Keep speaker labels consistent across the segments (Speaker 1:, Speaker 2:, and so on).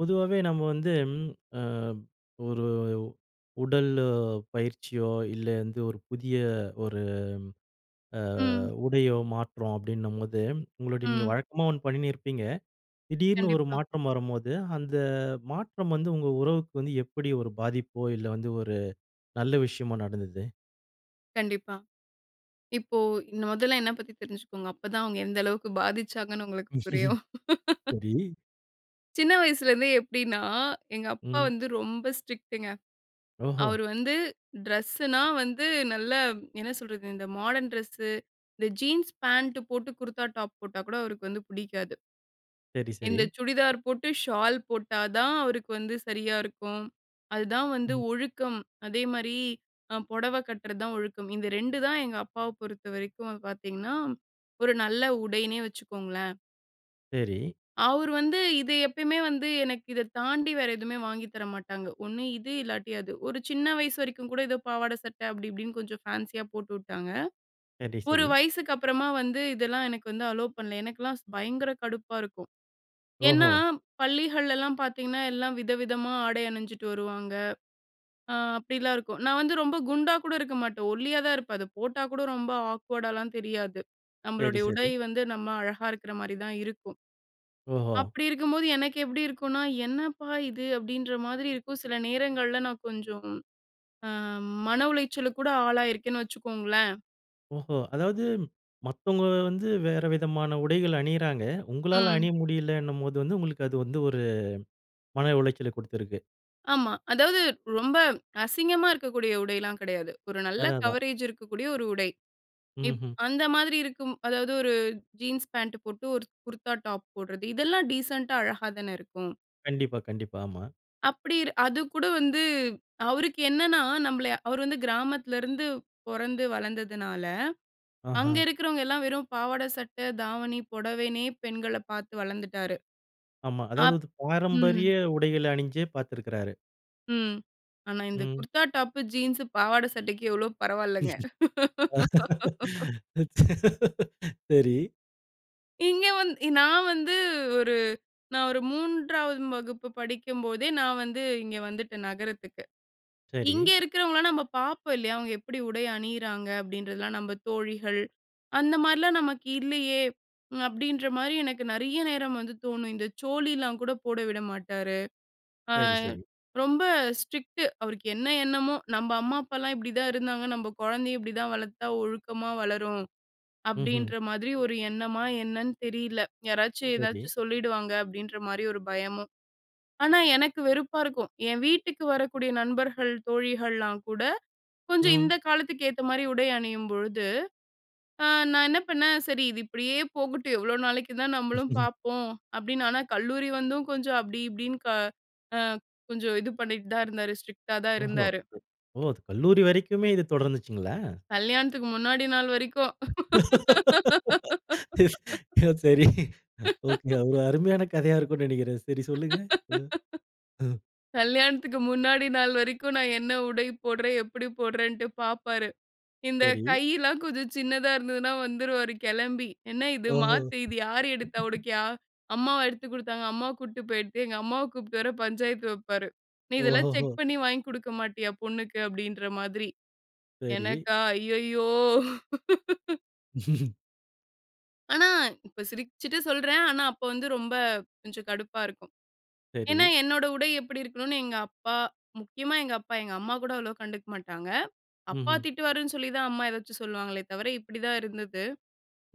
Speaker 1: பொதுவாவே நம்ம வந்து, ம் ஆ, ஒரு உடல் பயிற்சியோ, இல்ல எந்த ஒரு புதிய ஒரு ஆ
Speaker 2: ம்.
Speaker 1: உடையோ மாற்றம் அப்படின்னம்போது, உங்களுடைய நீங்க
Speaker 2: ம்.
Speaker 1: வழக்கமா ஒன்னு பண்ணினிருப்பீங்க. திடீர்னு ஒரு
Speaker 2: கண்டிப்பா.
Speaker 1: மாற்றம் வரும்போது, அந்த மாற்றம் வந்து உங்க உறவுக்கு வந்து எப்படி ஒரு பாதிப்போ இல்ல, வந்து ஒரு நல்ல விஷயமோ நடந்தது?
Speaker 2: கண்டிப்பா. இப்போ இந்த மொதல்ல என்ன பத்தி தெரிஞ்சுக்கோங்க. அப்பதான் அவங்க எந்த அளவுக்கு பாதிச்சாங்கன்னு உங்களுக்கு புரியும்.
Speaker 1: சரி.
Speaker 2: சின்ன வயசுலேருந்து எப்டின்னா, எங்கப்பா
Speaker 1: ம்.
Speaker 2: வந்து ரொம்ப ஸ்ட்ரிக்ட்ங்க.
Speaker 1: ஓஹோ!
Speaker 2: அவரு வந்து டிரெஸ்னா வந்து நல்ல என்ன சொல்றது? இந்த மாடர்ன் டிரெஸ்ஸு, இந்த ஜீன்ஸ் பாண்ட் போட்டு குர்தா டாப் போட்டா கூட அவருக்கு வந்து புடிக்காது.
Speaker 1: சரி, சரி.
Speaker 2: இந்த சுடிதார் போட்டு ஷால் போட்டா தான் அவருக்கு வந்து சரியா இருக்கும். அதுதான் வந்து
Speaker 1: ம்.
Speaker 2: ஒழுக்கம். அதே மாரி அ பொடவ கட்டுறது தான் ஒழுக்கம். இந்த 2 தான் எங்கப்பாவ பொறுத்தவரைக்கும் பார்த்தீங்கன்னா, ஒரு நல்ல உடைன்னே வச்சுக்கோங்களேன்.
Speaker 1: சரி.
Speaker 2: அவரு வந்து இது எப்பயுமே வந்து எனக்கு இத தாண்டி வேற எதுவுமே வாங்கி தர மாட்டாங்க. ஒண்ணு இது இல்லாட்டி அது. ஒரு சின்ன வயசு வரைக்கும் கூட ஏதோ பாவாட, சட்ட அப்படி இப்படின்னு கொஞ்சம் ஃபேன்ஷியா போட்டுவிட்டாங்க.
Speaker 1: சரி,
Speaker 2: ஒரு
Speaker 1: சரி.
Speaker 2: வயசுக்கு அப்புறமா வந்து இதெல்லாம் எனக்கு வந்து அலோ பண்ணல. எனக்கெல்லாம் பயங்கர கடுப்பா இருக்கும். ஏன்னா,
Speaker 1: ஓஹோ!
Speaker 2: பள்ளிகள்ளெல்லா பார்த்தீங்கன்னா, எல்லா வித, விதமா ஆடை அணிஞ்சிட்டு வருவாங்க. ஆ அப்படிலாம் இருக்கும். நான் வந்து ரொம்ப குண்டா கூட இருக்க மாட்டேன். ஒல்லியா தான் இருப்பேன். அத போட்டா கூட ரொம்ப ஆக்வர்டாலாம் தெரியாது.
Speaker 1: சரி,
Speaker 2: நம்மளுடைய உடை
Speaker 1: சரி.
Speaker 2: வந்து நம்ம அழகா இருக்கிற மாதிரி தான் இருக்கும்.
Speaker 1: ஓஹோ!
Speaker 2: அப்படி இருக்கும்போது எனக்கு எப்டி இருக்கும்னா, "என்னப்பா இது" அப்படின்ற மாதிரி இருக்கும். சில நேரங்கள்ல நான் கொஞ்சம் ஆ மன உளைச்சலுக்கு கூட ஆளாயிருக்கேன்னு வச்சுக்கோங்களேன்.
Speaker 1: ஓஹோ! அதாவது மத்தவுங்க வந்து வேற விதமான உடைகள் அணியிறாங்க. உங்களால
Speaker 2: ம்.
Speaker 1: அணிய முடியில்லன்னும் போது வந்து உங்களுக்கு அது வந்து ஒரு மன உளைச்சலை குடுத்திருக்கு.
Speaker 2: ஆமா. அதாவது ரொம்ப அசிங்கமா இருக்கக்கூடிய உடைலாம் கெடையாது. ஒரு நல்ல
Speaker 1: அதான் அதான்.
Speaker 2: கவரேஜ் இருக்கக்கூடிய ஒரு உடை. இப்
Speaker 1: ம்ஹ்ம்.
Speaker 2: அந்த மாதிரி இருக்கும். அதாவது ஒரு ஜீன்ஸ் பாண்ட் போட்டு ஒரு குர்தா டாப் போடுறது இதெல்லாம் டீசென்ட்டா அழகா தானே இருக்கும்?
Speaker 1: கண்டிப்பா, கண்டிப்பா. ஆமா.
Speaker 2: அப்டிரு அது கூட வந்து அவருக்கு என்னனா நம்மளய அவர் வந்து கிராமத்தில இருந்து பொறந்து வளர்ந்ததனால. அங்க
Speaker 1: ஆஹா.
Speaker 2: இருக்கிறவங்க எல்லாம் வெறும் பாவாட சட்ட, தாவணி, புடவைனே பெண்களப் பார்த்து வளர்ந்துட்டாரு.
Speaker 1: ஆமா.
Speaker 2: அப்
Speaker 1: அதாவது
Speaker 2: ம்.
Speaker 1: பாரம்பரிய உடைகள அணிஞ்சே பார்த்திருக்கிறாரு.
Speaker 2: ம். ஆனா, இந்த
Speaker 1: ம்.
Speaker 2: குர்தா டாப்பு, ஜீன்ஸ், பாவாடை சட்டைக்கு எவ்வளோ பரவால்லங்க.
Speaker 1: சரி.
Speaker 2: இங்கே வந்து நான் வந்து ஒரு நான் ஒரு 3வது வகுப்பு படிக்கும்போதே நான் வந்து இங்க வந்துட்டேன் நகரத்துக்கு. இங்க
Speaker 1: சரி.
Speaker 2: இருக்கிறவங்களலாம் நம்ம பார்ப்போம் இல்லையா? அவங்க எப்டி உடை அணியிறாங்க அப்டின்றதலாம் நம்ம தோழிகள் அந்த மாரிலாம் நமக்கு இல்லையே. அப்டின்ற மாரி எனக்கு நறைய நேரம் வந்து தோணும் இந்த சோழில கூட போட விட மாட்டாரு. ஆ,
Speaker 1: சரி, சரி.
Speaker 2: ரொம்ப ஸ்ட்ரிக்ட் அவருக்கு என்ன எண்ணமோ. நம்ப அம்மா அப்பாலாம் இப்டிதான் இருந்தாங்க நம்ப குழந்தையை இப்டி தான் வளர்த்தா ஒழுக்கமா வளரும்
Speaker 1: ம்ஹ்ம்.
Speaker 2: அப்டின்ற மாதிரி ஒரு எண்ணமா என்னன்னு தெரில. யாராச்சு ஏதாச்சு
Speaker 1: சரி.
Speaker 2: சொல்லிடுவாங்க அப்டின்ற மாரி ஒரு பயமும். ஆனா, எனக்கு வெறுப்பா இருக்கும் என் வீட்டுக்கு வரக்கூடிய நண்பர்கள், தோழிகள்லாம் கூட கொஞ்சம்
Speaker 1: ம்.
Speaker 2: இந்த காலத்துக்கு ஏத்த மாரி உடை அணியும்பொழுது. ஆ நான் என்ன பண்ணேன் சரி இது இப்டியே போகட்டும் எவ்வளோ நாளைக்கு தான் நம்மளும் பார்ப்போம் அப்டின்னு. ஆனா கல்லூரி வந்தும் கொஞ்சம் அப்டி இப்டின்னு க அ கொஞ்சம் இது பண்ணிட்டு தான் இருந்தாரு ஸ்ட்ரிக்ட்டா தான்
Speaker 1: ஓஹோ!
Speaker 2: இருந்தாரு.
Speaker 1: ஓ கல்லூரி வரைக்குமே இது தொடர்ந்ததுச்சுங்களா?
Speaker 2: கல்யாணத்துக்கு முன்னாடி நாள் வரைக்கும்.
Speaker 1: சரி. ஒகே ஒரு அருமையான கதையா இருக்கும்னு நெனைக்கிறேன். சரி சொல்லுங்க. அஹ். ஆஹ்.
Speaker 2: கல்யாணத்துக்கு முன்னாடி நாள் வரைக்கும், நான் என்ன உடை போடுறேன் எப்டி போடுறேன்னுட்டு பார்ப்பாரு. இந்த
Speaker 1: சரி.
Speaker 2: கையெல்லாம் கொஞ்சம் சின்னதா இருந்ததுனா வந்துருவாரு கிளம்பி என்ன இது
Speaker 1: ஓஹோ!
Speaker 2: மாத்து இது யாரு எடுத்தா உனக்குயா, அம்மாவா எடுத்துக் குடுத்தாங்க? அம்மா கூட்டிட்டு போயி எடுத்திய எங்க அம்மாவ கூப்பிட்டு வர பஞ்சாயத்து வைப்பாரு. நீ இதெல்லாம் செக்
Speaker 1: ஓஹோஹோ!
Speaker 2: பண்ணி வாங்கி குடுக்க மாட்டியா பொண்ணுக்கு அப்டின்ற மாதிரி.
Speaker 1: சரி.
Speaker 2: எனக்கா ஐயயோ! ஆனா இப்ப சிரிச்சிட்டு சொல்றேன். ஆனா அப்ப வந்து ரொம்ப கொஞ்சம் கடுப்பா இருக்கும். ஏன்னா,
Speaker 1: சரி.
Speaker 2: என்னோட உடை எப்படி இருக்கணுனு எங்க அப்பா, முக்கியமா எங்க அப்பா, எங்க அம்மா கூட அவ்வளோ கண்டுக்க மாட்டாங்க. "அப்பா
Speaker 1: ம்ஹம்.
Speaker 2: திட்டுவாரு"ன்னு சொல்லி தான் அம்மா ஏதாச்சும் சொல்லுவாங்களே தவிர இப்படிதான் இருந்தது.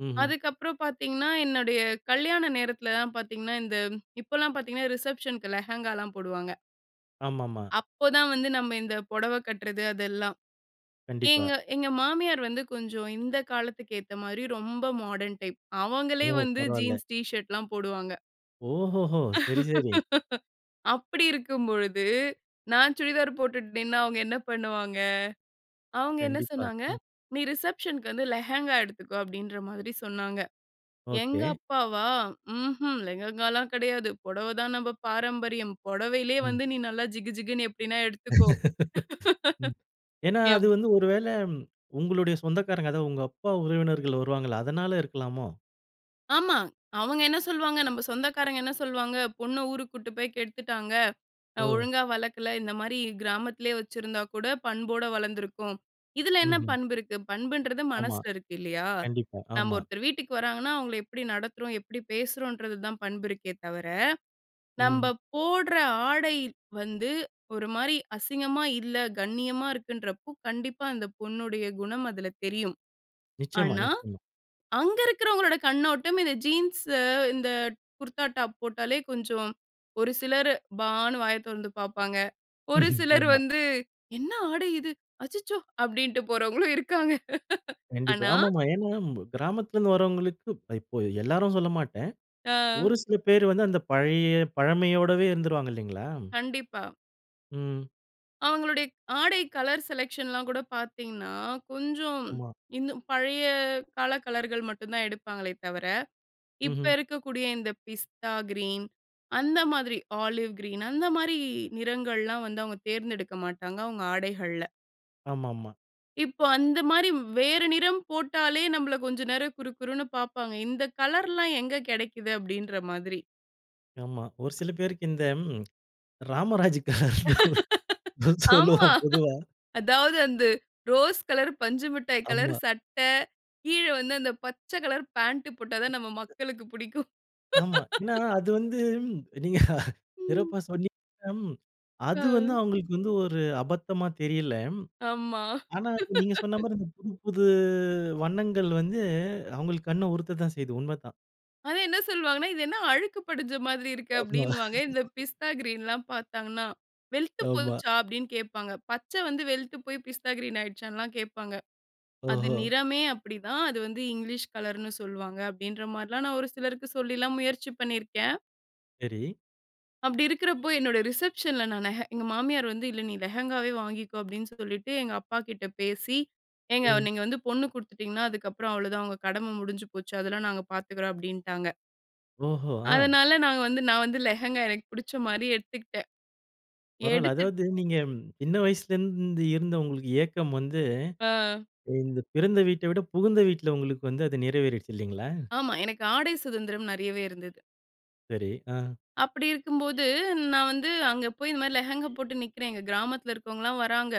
Speaker 1: ம்ஹம்.
Speaker 2: அதுக்கப்புறம் பார்த்திங்கன்னா, என்னுடைய கல்யாண நேரத்துலலாம் பார்த்திங்கன்னா, இந்த இப்போலாம் பார்த்திங்கன்னா, ரிசப்ஷனுக்கு லெஹெங்காலாம் போடுவாங்க.
Speaker 1: ஆமாம்மா.
Speaker 2: அப்போதான் வந்து நம்ம இந்த புடவ கட்டுறது அதெல்லாம்.
Speaker 1: கண்டிப்பா.
Speaker 2: ஏங்க எங்க மாமியார் வந்து கொஞ்சம் இந்த காலத்துக்கு ஏத்த மாரி ரொம்ப மாடர்ன் டைப்,
Speaker 1: ஓ!
Speaker 2: அவங்களே வந்து
Speaker 1: பரவாயில்ல.
Speaker 2: ஜீன்ஸ் டிஷர்ட்லாம் போடுவாங்க.
Speaker 1: ஓஹோஹோ! சரி சரி.
Speaker 2: அப்படி இருக்கும் பொழுது, நான் சுடிதார் போட்டுட்டு நின்னா அவங்க என்ன பண்ணுவாங்க? அவங்க என்ன
Speaker 1: கண்டிப்பா.
Speaker 2: சொன்னாங்க,
Speaker 1: அஹ்.
Speaker 2: "நீ ரிசப்ஷன்க்கு வந்து லெஹெங்கா எடுத்துக்கோ" அப்படின்ற மாதிரி சொன்னாங்க, எங்கள்
Speaker 1: ஓகே.
Speaker 2: அப்பாவா? ம்ஹம், "லெகங்கால்லாம் கெடையாது. பொடவை தான் நம்ப பாரம்பரியம். பொடவையிலயே
Speaker 1: ம்.
Speaker 2: வந்து நீ நல்லா ஜிகுஜிகுன்னு எப்டினா எடுத்துக்கோ"
Speaker 1: ம். ஏன்னா அது
Speaker 2: எப்
Speaker 1: வந்து ஒரு வேளை, உங்களுடைய சொந்தக்காரங்க, அதா உங்க அப்பா உறவினர்கள் வருவாங்கள்ல, அதனால இருக்கலாமோ?
Speaker 2: ஆமா. அவங்க என்ன சொல்வாங்க? நம்ம சொந்தக்காரங்க என்ன சொல்வாங்க? "பொண்ண ஊருக்கு கூட்டிட்டு போய் கெடுத்துட்டாங்க. அ
Speaker 1: ஓ!
Speaker 2: ஒழுங்கா வளக்கல. இந்த மாரி கிராமத்திலேயே வச்சிருந்தா கூட பண்போட வளர்ந்துருக்கும்." இதில என்ன
Speaker 1: ம்ஹ்ம்.
Speaker 2: பண்பு இருக்கு? பண்புன்றது
Speaker 1: ஆமா.
Speaker 2: மனசில இருக்கு, இல்லையா?
Speaker 1: கண்டிப்பா.
Speaker 2: நம்ப,
Speaker 1: ஆமா.
Speaker 2: ஒருத்தர் வீட்டுக்கு வர்றாங்கன்னா, அவங்கள எப்படி நடத்துறோம்? எப்படி பேசுறோம்ன்றது தான் பண்பு இருக்கே தவிர.
Speaker 1: ம், ம்.
Speaker 2: நம்ப போடற ஆடை வந்து, ஒரு மாரி அசிங்கமா இல்ல, கண்ணியமா இருக்குன்றப்போ, கண்டிப்பா அந்த பொண்ணுடைய குணம் அதில தெரியும்.
Speaker 1: நிச்சயமா.
Speaker 2: ஆனா,
Speaker 1: நிச்சயமா.
Speaker 2: அங்கிருக்கறவங்களோட கண்ணோட்டம், இந்த ஜீன்ஸ் இந்த குர்தா டாப் போட்டாலே கொஞ்சம் ஒரு சிலர் பான்னு வாய திறந்து பாப்பாங்க. ஒரு சிலர்
Speaker 1: ஆமா.
Speaker 2: வந்து, "என்ன ஆடை இது? அச்சச்சோ!" அப்படின்டு போறவங்களும் இருக்காங்க.
Speaker 1: கண்டிப்பா.
Speaker 2: ஆனா
Speaker 1: ஆமாமா. ஏனா ம் கிராமத்தில இருந்து வரவங்களுக்கு இப் இப்ப எல்லாரும் சொல்லமாட்டேன்.
Speaker 2: ஆ.
Speaker 1: ஒரு சில பேர் வந்து அந்த பழைய பழமையோடவே இருந்துருவாங்க. இல்லைங்களா?
Speaker 2: கண்டிப்பா.
Speaker 1: ம்.
Speaker 2: அவங்களுடைய க் ஆடை கலர் செலக்க்ஷன்லாம் கூட பார்த்தீங்கன்னா, கொஞ்சம்
Speaker 1: ஆமா.
Speaker 2: இன்னும் பழைய கால கலர்கள் மட்டும் தான் எடுப்பாங்களே தவிர. இப்போ
Speaker 1: ம்ஹ்ம்.
Speaker 2: இருக்கக்கூடிய இந்த பிஸ்தா கிரீன் அந்த மாதிரி ஆலிவ் கிரீன் அந்த மாதிரி நிறங்கள்லாம் வந்து அவங்க தேர்ந்தெடுக்க மாட்டாங்க, அவங்க ஆடைகள்ல.
Speaker 1: ஆமாம்மா.
Speaker 2: இப்போ அந்த மாரி வேறு நிறம் போட்டாலே நம்மள கொஞ்சம் நேரம் குரு குருன்னு பார்ப்பாங்க. "இந்த கலர்லாம் எங்க கெடைக்குது?" அப்படின்ற மாதிரி.
Speaker 1: ஆமா. ஒரு சில பேருக்கு இந்த ராமராஜ் கலர்ன்னு
Speaker 2: ஆமா.
Speaker 1: சொல்லுவோம் பொதுவா.
Speaker 2: அதாவது, அந்த ரோஸ் கலர், பஞ்சு மிட்டாய் கலர்
Speaker 1: ஆமா.
Speaker 2: சட்ட கீழ வந்து அந்த பச்ச கலர் பேண்ட் போட்டா தான் நம்ம மக்களுக்கு பிடிக்கும்.
Speaker 1: ஆமா. ஏன்னா, அது வந்து நீங்க
Speaker 2: ம்.
Speaker 1: சிறப்பா சொன்னீங்க. அது வந்து
Speaker 2: அஹ்.
Speaker 1: அவங்களுக்கு வந்து ஒரு அபத்தமா தெரியல.
Speaker 2: ஆம்மா.
Speaker 1: ஆனா, நீங்க சொன்ன மாரி இந்த புது, புது வண்ணங்கள் வந்து அவங்களுக்கு கண்ண உருத்தத்தான் செய்யுது உண்மதான்.
Speaker 2: அது என்ன சொல்வாங்கன்னா," இது என்ன அழுக்கு படிஞ்ச மாதிரி இருக்கு?"
Speaker 1: ஆமா.
Speaker 2: அப்படின்னுவாங்க. இந்த பிஸ்தா கிரீன்லாம் பார்த்தாங்கன்னா. "வெழுத்து
Speaker 1: ஆமா.
Speaker 2: போச்சா" அப்படின்னு கேட்பாங்க. பச்ச வந்து வெழுத்து போய் பிஸ்தா கிரீன் ஆகிடுச்சான்னுலாம் கேட்பாங்க. அது
Speaker 1: ஓஹோ!
Speaker 2: நிறமே அப்படிதான். அது வந்து இங்கிலீஷ் கலர்ன்னு சொல்வாங்க அப்படின்ற மாரிலாம் நான் ஒரு சிலருக்கு சொல்லிலாம் முயற்சி பண்ணியிருக்கேன்.
Speaker 1: சரி.
Speaker 2: அப்படி இருக்கறப்போ என்னோட ரிசப்ஷன்ல நான் நெஹெ எங்க மாமியார் வந்து, "இல்ல நீ லெஹெங்காவே வாங்கிக்கோ" அப்படீன்னு சொல்லிட்டு எங்க அப்பா கிட்ட பேசி. "ஏங்க
Speaker 1: ம்.
Speaker 2: நீங்க வந்து பொண்ணு குடுத்துட்டீங்கன்னா, அதுக்கப்புறம் அவ்வளோதான். உங்க கடம முடிஞ்சு போச்சு. அதெல்லாம் நாங்க பார்த்துக்கிறோம்" அப்டின்ட்டாங்க.
Speaker 1: ஓஹோ! அ.
Speaker 2: அதனால நாங்க வந்து நான் வந்து, லெகங்கா. எனக்கு புடிச்ச மாரி எடுத்துகிட்டேன்.
Speaker 1: பரவால்ல.
Speaker 2: எடுத்துட்
Speaker 1: அதாவது நீங்க இன்ன வயசுலேந்து, இருந்த உங்களுக்கு ஏக்கம் வந்து,
Speaker 2: ஆ.
Speaker 1: இந்த பிறந்த வீட்ட விட, புகுந்த வீட்ல, உங்களுக்கு வந்து, அது நிறைவேறிடுச்சு. இல்லைங்களா?
Speaker 2: ஆமா, எனக்கு ஆடை சுதந்திரம், நெறையவே இருந்தது.
Speaker 1: சரி. ஆ.
Speaker 2: அப்டி இருக்கும்போது, நான் வந்து அங்க போய், இந்த மாரி லெகங்கா போட்டு நிக்குறேன். எங்க கிராமத்தில இருக்கிறவங்கலாம் வர்றாங்க.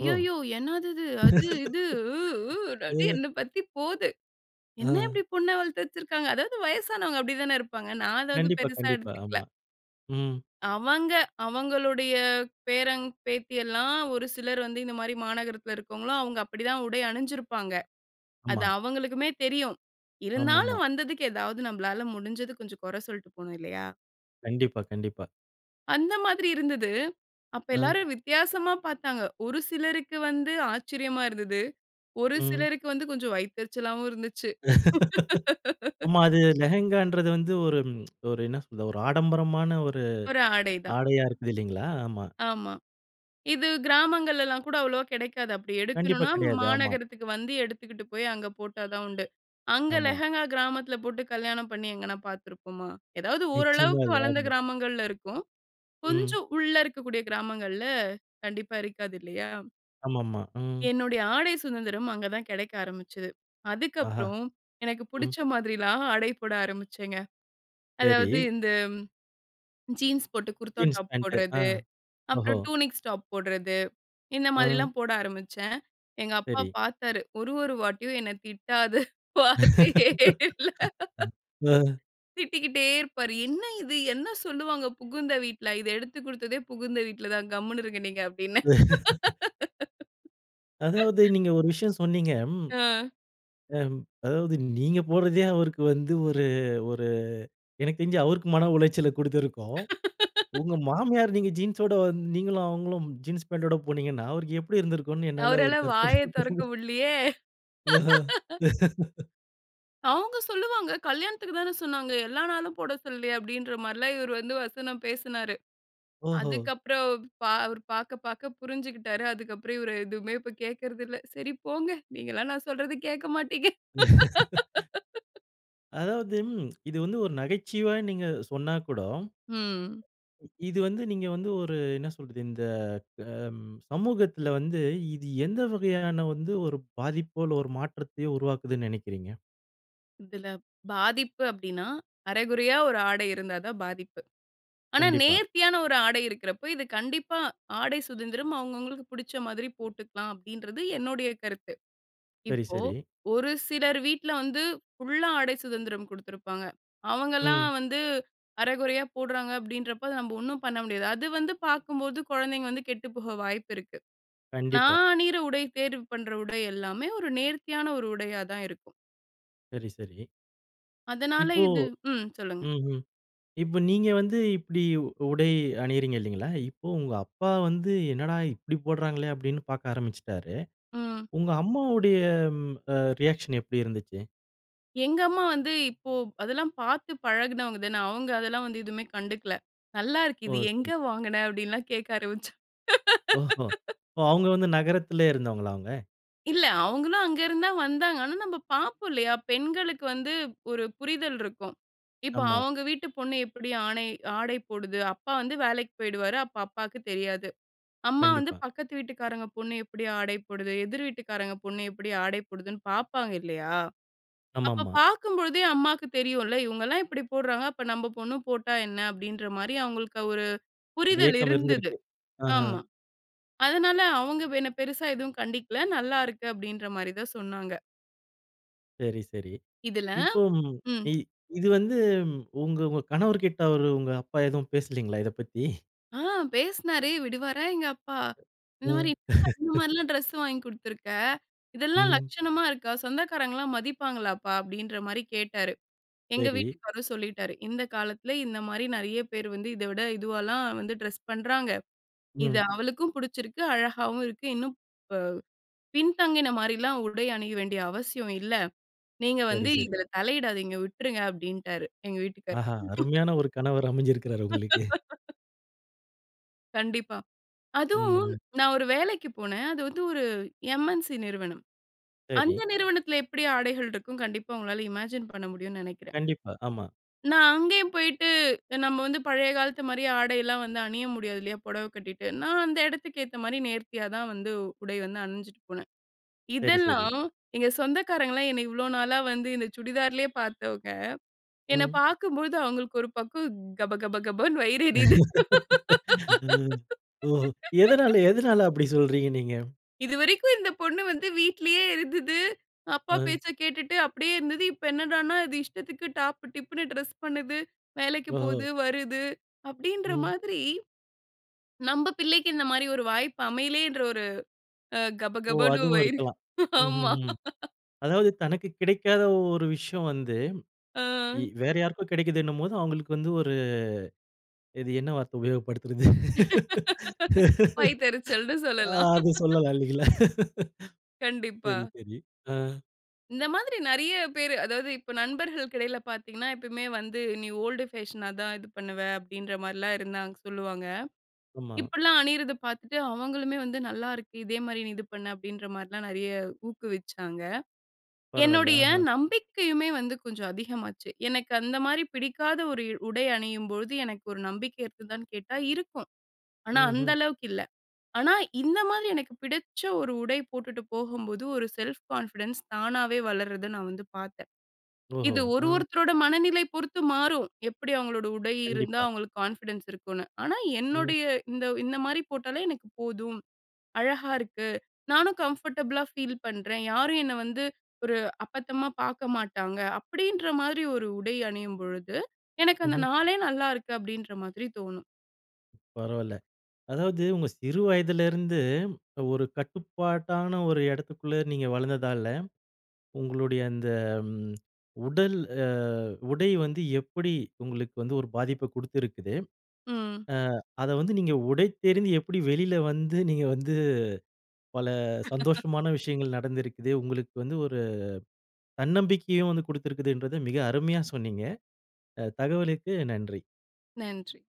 Speaker 1: ஓ!
Speaker 2: என்னாதிது, அது, இது, உ உ, டடி,
Speaker 1: அ.
Speaker 2: என்ன பத்தி போது. என்ன
Speaker 1: ஆ.
Speaker 2: இப்டி பொண்ண வளத்து வச்சுருக்குறாங்க? அதாவது வயசானவங்க அப்டி தான, இருப்பாங்க. நான் அத வந்து,
Speaker 1: கண்டிப்பா,
Speaker 2: பெருசா
Speaker 1: கண்டிப்பா.
Speaker 2: எடுத்துக்கல.
Speaker 1: ஆமா. ம்.
Speaker 2: அவங்க அவங்களுடைய பேரன், பேத்தி எல்லாம் ஒரு சிலர் வந்து இந்த மாரி மாநகரத்தில இருக்கிறவங்களும் அவங்க அப்டி தான் உடை அணுஞ்சுருப்பாங்க. அது
Speaker 1: ஆமா.
Speaker 2: அவங்களுக்குமே தெரியும்.
Speaker 1: ஆமாமா.
Speaker 2: இருந்தாலும் வந்ததுக்கு ஏதாவது நம்மளால முடுஞ்சது கொஞ்சம், கொற சொல்ட்டு போணும். இல்லையா?
Speaker 1: கண்டிப்பா, கண்டிப்பா.
Speaker 2: அந்த மாதிரி இருந்தது. அப்ப
Speaker 1: அ.
Speaker 2: எல்லாரும் வித்தியாசமா பாத்தாங்க. ஒரு சிலருக்கு வந்து, ஆச்சரியமா இருந்தது. ஒரு
Speaker 1: ம்.
Speaker 2: சிலருக்கு வந்து, கொஞ்சம் வயித்தெரிச்சலாவும் இருந்துச்சு.
Speaker 1: ஆமா. அது லெஹெங்கான்றது வந்து, ஒரு ஒரு என்ன சொல்றது? ஒரு ஆடம்பரமான ஒரு
Speaker 2: ஒரு ஆடை தான்.
Speaker 1: ஆடையா, இருக்குதுல்லைங்களா? ஆமா.
Speaker 2: ஆமா. இது கிராமங்கள்லலாம் கூட அவ்வளவா கெடைக்காது. அப்டி
Speaker 1: கண்டிப்பா,
Speaker 2: எடுக்கணுனா
Speaker 1: கெடையாது. ஆமா.
Speaker 2: மாநகரத்துக்கு வந்து, எடுத்துக்கிட்டு போய் அங்க போட்டா தான் உண்டு. அங்க
Speaker 1: ஆமா.
Speaker 2: லெஹங்கா கிராமத்தில போட்டு கல்யாணம் பண்ணி எங்கனா பாத்துருப்போமா? எதாவது,
Speaker 1: நிச்சியமா
Speaker 2: ஓரளவுக்கு
Speaker 1: இல்ல.
Speaker 2: வளந்த
Speaker 1: ஆமா.
Speaker 2: கிராமங்கள்ல இருக்கும். கொஞ்ச
Speaker 1: ம்.
Speaker 2: உள்ள இருக்கக்கூடிய கிராமங்கள்ல, கண்டிப்பா இருக்காது. இல்லையா?
Speaker 1: ஆமாமா. ம்.
Speaker 2: என்னுடைய ஆடை சுதந்திரம் அங்க தான் கெடைக்க ஆரம்பிச்சுது.
Speaker 1: ஆஹா!
Speaker 2: அதுக்கப்புறம், எனக்கு
Speaker 1: ம்.
Speaker 2: புடிச்ச மாதிரில்லாம் ஆடை போட ஆரம்பிச்சேங்க.
Speaker 1: சேரி.
Speaker 2: அதாவது இந்த ஜீன்ஸ் போட்டு, குர்தா
Speaker 1: ஜீன்ஸ்
Speaker 2: டாப்
Speaker 1: பேண்டு. ஆ,
Speaker 2: போட்றது.
Speaker 1: ஓஹோ!
Speaker 2: அப்புறம், டூனிக்ஸ் டாப் போட்றது. இந்த
Speaker 1: ம்.
Speaker 2: மாதிரில்லாம் போட ஆரம்பிச்சேன். எங்க அப்பா
Speaker 1: சரி.
Speaker 2: பாத்தாரு. ஒரு ஒரு வாட்டியும், என்ன திட்டாத வார்த்தயே இல்ல.
Speaker 1: ஆ.
Speaker 2: திட்டிக்கிட்டே இருப்பாரு. "என்ன இது? என்ன சொல்லுவாங்க, புகுந்த வீட்ல?" "இத எடுத்துக் குடுத்ததே புகுந்த வீட்ல தான். கம்முனு இருங்க, நீங்க." அப்படின்னேன்.
Speaker 1: அதாவது, நீங்க ஒரு விஷயம் சொன்னீங்க. அம்.
Speaker 2: ஆ.
Speaker 1: அம். அதாவது, நீங்க போட்றதே அவருக்கு வந்து, ஒரு ஒரு எனக்கு தெருஞ்சு, அவருக்கு மன உளைச்சல குடுத்திருக்கும். உங்க மாமியார், நீங்க ஜீன்ஸ் ஓட வந் நீங்களும் அவுங்களும் ஜீன்ஸ் பேண்டோட போனீங்கன்னா, அவருக்கு எப்படி இருந்திருக்கும்னு என்னால
Speaker 2: அவரால
Speaker 1: ஒரு கற்பனை
Speaker 2: வாயே
Speaker 1: பண்
Speaker 2: தொறக்க முடில்லயே.
Speaker 1: ஆஹா.
Speaker 2: "அவுங்க சொல்லுவாங்க, கல்யாணத்துக்கு தான சொன்னாங்க. எல்லா நாளும் போட சொல்லலையே!" அப்படின்ற மாரில்லாம் இவர் வந்து வசனம் பேசுனாரு.
Speaker 1: ஓஹோ!
Speaker 2: அதுக்கு அப்புறம் பா அவர் பாக்க பாக்க புருஞ்சுகிட்டாரு. அதுக்கு அப்புறம், இவர் எதுவுமே இப்ப கேக்குறதில்ல. "சரி போங்க! நீங்கல்லாம் நான் சொல்றத கேக்க மாட்டீங்க."
Speaker 1: அதாவது ம் இது வந்து ஒரு நகைச்சுவயா நீங்க சொன்னா கூடோ
Speaker 2: ம்.
Speaker 1: இது வந்து நீங்க வந்து ஒரு என்ன சொல்றது? இந்த அம் சமூகத்தில வந்து இது எந்த வகையான வந்து ஒரு பாதிப்போ இல்ல ஒரு மாற்றத்தையோ உருவாக்குதுனு நெனைக்கிறீங்க?
Speaker 2: இதில பாதிப்பு அப்டின்னா, அரைகுறையா ஒரு ஆடை இருந்தாதான் பாதிப்பு. ஆனா,
Speaker 1: கண்டிப்பா.
Speaker 2: நேர்த்தியான ஒரு ஆடை இருக்கிறப்போ இது கண்டிப்பா, ஆடை சுதந்திரம் அவங்கவங்களுக்கு புடிச்ச மாதிரி போட்டுக்கலாம். அப்டின்றது என்னோடைய கருத்து.
Speaker 1: சரி,
Speaker 2: இப்போ,
Speaker 1: சரி.
Speaker 2: ஒரு சிலர் வீட்ல வந்து, ஃபுல்லா ஆடை சுதந்திரம் குடுத்துருப்பாங்க. அவங்கலாம்
Speaker 1: ம்.
Speaker 2: வந்து, அரைகுறையா போடுறாங்க அப்டின்றப்போ நம்ம ஒண்ணும் பண்ண முடியாது. அது வந்து பார்க்கும்போது, குழந்தைங்க வந்து கெட்டு போக வாய்ப்பு இருக்கு.
Speaker 1: கண்டிப்பா.
Speaker 2: நான் அணியிற உடை, தேர்வு பண்ற உடை எல்லாமே ஒரு நேர்த்தியான ஒரு உடையா தான் இருக்கும்.
Speaker 1: சரி, சரி.
Speaker 2: அதனால
Speaker 1: இப்போ
Speaker 2: இது ம் சொல்லுங்க.
Speaker 1: ம்ஹ்ம். இப்ப, நீங்க வந்து இப்டி உ உடை அணியிறீங்க, இல்லைங்களா? இப்போ, உங்க அப்பா வந்து, "என்னடா இப்டி போடுறாங்களே!" அப்டீன்னு பார்க்க ஆரம்பிச்சுட்டாரு.
Speaker 2: ம்.
Speaker 1: உங்க அம்மாவுடைய ம் அ ரியாக்ஷன் எப்டி இருந்துச்சு?
Speaker 2: எங்க அம்மா வந்து இப்போ, அதெல்லாம் பார்த்து பழகுனவங்க தானே. அவங்க அதெல்லாம் வந்து, எதுவுமே கண்டுக்கல. "நல்லா இருக்கு.
Speaker 1: ஓ,
Speaker 2: இது
Speaker 1: சரி.
Speaker 2: எங்கே வாங்குன?" அப்டின்னுலாம் கேட்க ஆரம்பிச்சாங்.
Speaker 1: ஓஹோ! அவுங்க வந்து நகரத்திலே இருந்தவங்களா, அவுங்க?
Speaker 2: இல்ல. அவங்களும், அங்க இருந்து தான் வந்தாங்க. ஆனா, நம்ப பார்ப்போம் இல்லையா? பெண்களுக்கு வந்து ஒரு புரிதல் இருக்கும். இப்ப
Speaker 1: ஆமா.
Speaker 2: அவங்க வீட்டு பொண்ணு எப்டி ஆனை ஆடை போடுது. அப்பா வந்து வேலைக்கு போயிடுவாரு அப்ப அப்பாவுக்கு தெரியாது. அம்மா வந்து,
Speaker 1: கண்டிப்பா.
Speaker 2: பக்கத்து வீட்டுக்காரங்க பொண்ணு எப்டி ஆடை போடுது? எதிர் வீட்டுக்காரங்க பொண்ணு எப்டி ஆடை போடுதுன்னு பார்ப்பாங்க, இல்லையா? அப்ப
Speaker 1: ஆமாமா.
Speaker 2: பார்க்கும்பொழுதே அம்மாவுக்கு தெரியும்ல. "இவங்கலாம் இப்டி போடுறாங்க. அப்போ, நம்ம பொண்ணு போட்டா என்ன?" அப்டின்ற மாரி அவங்களுக்கு அ ஒரு
Speaker 1: ஒரு
Speaker 2: புரிதல்
Speaker 1: ஏக்கம்
Speaker 2: இருந்தது.
Speaker 1: இருந்திருக்கு. அஹ்ம்.
Speaker 2: ஆமா. அதனால, அவங்க என்ன பெருசா எதுவும் கண்டிக்கல. "நல்லா இருக்கு" அப்டின்ற மாரி தான் சொன்னாங்க.
Speaker 1: சரி, சரி.
Speaker 2: இதுல
Speaker 1: இப்போ ம்.
Speaker 2: ம்.
Speaker 1: இ இது வந்து, உங்க உங்க கணவர் கிட்ட, அவரு, உங்க அப்பா எதுவும் பேசலீங்களா, இதைப் பத்தி?
Speaker 2: ஆ பேசினாரு. விடுவாரா எங்க அப்பா! இந்த
Speaker 1: ம்.
Speaker 2: மாரி "என்னப்பா இந்த மாரிலாம் ட்ரெஸ் வாங்கி குடுத்துருக்க. இதெல்லாம்
Speaker 1: ம்.
Speaker 2: லட்சணமா இருக்கா? சொந்தக்காரங்கலாம் மதிப்பாங்களாப்பா?" அப்படின்ற மாரி கேட்டாரு. எங்க
Speaker 1: சரி.
Speaker 2: வீட்டுக்காரு சொல்லிட்டாரு. "இந்த காலத்தில, இந்த மாரி நெறைய பேரு வந்து, இத விட இதுவால்லாம் வந்து டிரெஸ் பண்றாங்க. இது
Speaker 1: ம்.
Speaker 2: அவளுக்கும் பிடிச்சிருக்கு, அழகாவும் இருக்கு. இன்னும் ப பின்தங்கின மாரிலாம் உடை அணிய வேண்டிய அவசியம் இல்ல. நீங்க வந்து
Speaker 1: சரி, சரி.
Speaker 2: இதுல தலையிடாதீங்க. விட்டுருங்க." அப்படீன்ட்டாரு, எங்க வீட்டுக்காரரு.
Speaker 1: ஆஹா! அருமையான ஒரு கணவர் அமைஞ்சிருக்கிறாரு, உங்களுக்கு.
Speaker 2: கண்டிப்பா.
Speaker 1: ம்.
Speaker 2: அதுவும்,
Speaker 1: ம்.
Speaker 2: நான் ஒரு வேலைக்கு போனேன். அது வந்து ஒரு MNC நிறுவனம். அந்த
Speaker 1: சரி.
Speaker 2: நிறுவனத்தில எப்படி ஆடைகள் இருக்கும்? கண்டிப்பா உங்களால இமேஜின் பண்ண முடியும்னு நினைக்கிறேன்.
Speaker 1: கண்டிப்பா. ஆமா.
Speaker 2: நான் அங்கேயும் போயிட்டு, நம்ம வந்து பழைய காலத்து மாரி ஆடைலாம் வந்து அணிய முடியாது இல்லையா? பொடவை கட்டிட்டு. நான் அந்த இடத்துக்கு ஏத்த மாரி நேர்த்தியா தான் வந்து, உடை வந்து அணிஞ்சிட்டு போனேன்.
Speaker 1: சரி, சரி.
Speaker 2: இதெல்லாம், எங்க சொந்தக்காரங்கல்லாம் என்னைய இவ்ளோ நாளா வந்து இந்த சுடிதார்லயே பார்த்தவங்க. என்ன
Speaker 1: ம்.
Speaker 2: பார்க்கும்போது அவங்களுக்கு ஒரு பக்கம் கப, கப, கபன்னு வயிறு எரியுது.
Speaker 1: ம் ஒஹோ! எதனால எதனால அப்படி சொல்றீங்க, நீங்க?
Speaker 2: "இதுவரைக்கும் இந்த பொண்ணு வந்து வீட்லயே இருந்தது. அப்பா
Speaker 1: ஆ.
Speaker 2: பேச்ச கேட்டுட்டு அப்டியே இருந்தது. இப்ப என்னடான்னா அது இஷ்டத்துக்கு டாப், டிப்ன்னு டிரெஸ் பண்ணுது. வேலைக்கு
Speaker 1: ஓஹோ!
Speaker 2: போது, வருது." அப்படீன்ற
Speaker 1: ம்.
Speaker 2: மாதிரி. நம்ப பிள்ளைக்கு இந்த மாரி ஒரு வாய்ப்பு அமையலேன்ற ஒரு அ
Speaker 1: ஓ!
Speaker 2: கபகபன்னு
Speaker 1: அதுவும்
Speaker 2: வயிறு.
Speaker 1: இருக்கலாம்.
Speaker 2: ஆமா.
Speaker 1: ம்ஹ்ஹ்ம். அதாவது தனக்கு கிடைக்காத ஒரு விஷயம் வந்து,
Speaker 2: ஆ
Speaker 1: இ வேற யாருக்கோ கெடைக்கிதுனும் போது. அவங்களுக்கு வந்து ஒரு இது என்ன வார்த்த உபயோகப்படுத்துறது.
Speaker 2: வயித்தெரிச்சல்ன்னு
Speaker 1: ஆ,
Speaker 2: சொல்லலாம்.
Speaker 1: அது சொல்லலா இல்லைங்களா?
Speaker 2: கண்டிப்பா.
Speaker 1: சரி, சரி. ஆ.
Speaker 2: இந்த மாதிரி நெறைய பேரு அதாவது இப்ப நண்பர்களுக்கு இடையில பார்த்தீங்கன்னா எப்பவுமே வந்து நீ ஓல்டு ஃபேஷனா தான் இது பண்ணுவ அப்டின்ற மாரிலா இருந்தாங்க சொல்லுவாங்க.
Speaker 1: ஆமா.
Speaker 2: இப்பலா அணியறத பார்த்துட்டு அவங்களுமே வந்து நல்லா இருக்கு. இதே மாரி நீ இது பண்ணு அப்டின்ற மாரிலாம். நெறைய ஊக்குவிச்சாங்க.
Speaker 1: பரவால்ல,
Speaker 2: என்னுடைய
Speaker 1: அஹ.
Speaker 2: நம்பிக்கையுமே வந்து கொஞ்சம் அதிகமாச்சு. எனக்கு அந்த மாரி பிடிக்காத ஒரு இ உடை அணியும்பொழுது எனக்கு ஒரு நம்பிக்கை இருக்குதான்னு கேட்டா இருக்கும். ஆனா, அந்த
Speaker 1: ம்ஹ்ம்.
Speaker 2: அளவுக்கு இல்ல. ஆனா, இந்த மாதிரி எனக்கு பிடிச்ச ஒரு உடை போட்டுட்டு போகும்போது ஒரு செல்ஃப் கான்ஃபிடன்ஸ் தானாவே வளர்றத நான் வந்து பார்த்தே.
Speaker 1: ஓஹோ!
Speaker 2: இது ஒரு,
Speaker 1: ஆ.
Speaker 2: ஒருத்தரோட மனநிலை பொறுத்து மாறும் எப்டி அவங்களோட உடை இருந்தா
Speaker 1: கண்டிப்பா.
Speaker 2: அவங்களுக்கு கான்ஃபிடன்ஸ் இருக்குனு. ஆனா,
Speaker 1: ம்.
Speaker 2: என்னுடைய இந்த இந்த மாரி போட்டாலே எனக்கு போதும். அழகா இருக்கு நானும் கம்ஃபர்டபுளா ஃபீல் பண்றேன். யாரும் என்ன வந்து ஒரு அப்பத்தமா பார்க்க மாட்டாங்க அப்படீன்ற மாதிரி ஒரு உடை அணியும்பொழுது, எனக்கு அந்த
Speaker 1: ம்ஹ்ம்.
Speaker 2: நாளே நல்லாருக்கு அப்டின்ற மாதிரி தோணும்.
Speaker 1: பரவால்ல. அதாவது உங்க சிறு வயதில இருந்து, ஒரு கட்டுப்பாட்டான ஒரு எடத்துக்குள்ள நீங்க வளர்ந்ததாலஉ, ங்களுடைய அந்த உடல் அ உடை வந்து எப்டி உங்களுக்கு வந்து ஒரு பாதிப்ப குடுத்திருக்குது.
Speaker 2: ம்.
Speaker 1: ஆ அத வந்து நீங்க உடைத்தெறிந்து எப்டி வெளியில வந்து, நீங்க வந்து பல சந்தோஷமான விஷயங்கள் நடந்திருக்குது. உங்களுக்கு வந்து ஒரு தன்னம்பிக்கையும் வந்து குடுத்திருக்கின்றது மிக அருமையா சொன்னீங்க. அ தகவலுக்கு நன்றி.
Speaker 2: நன்றி.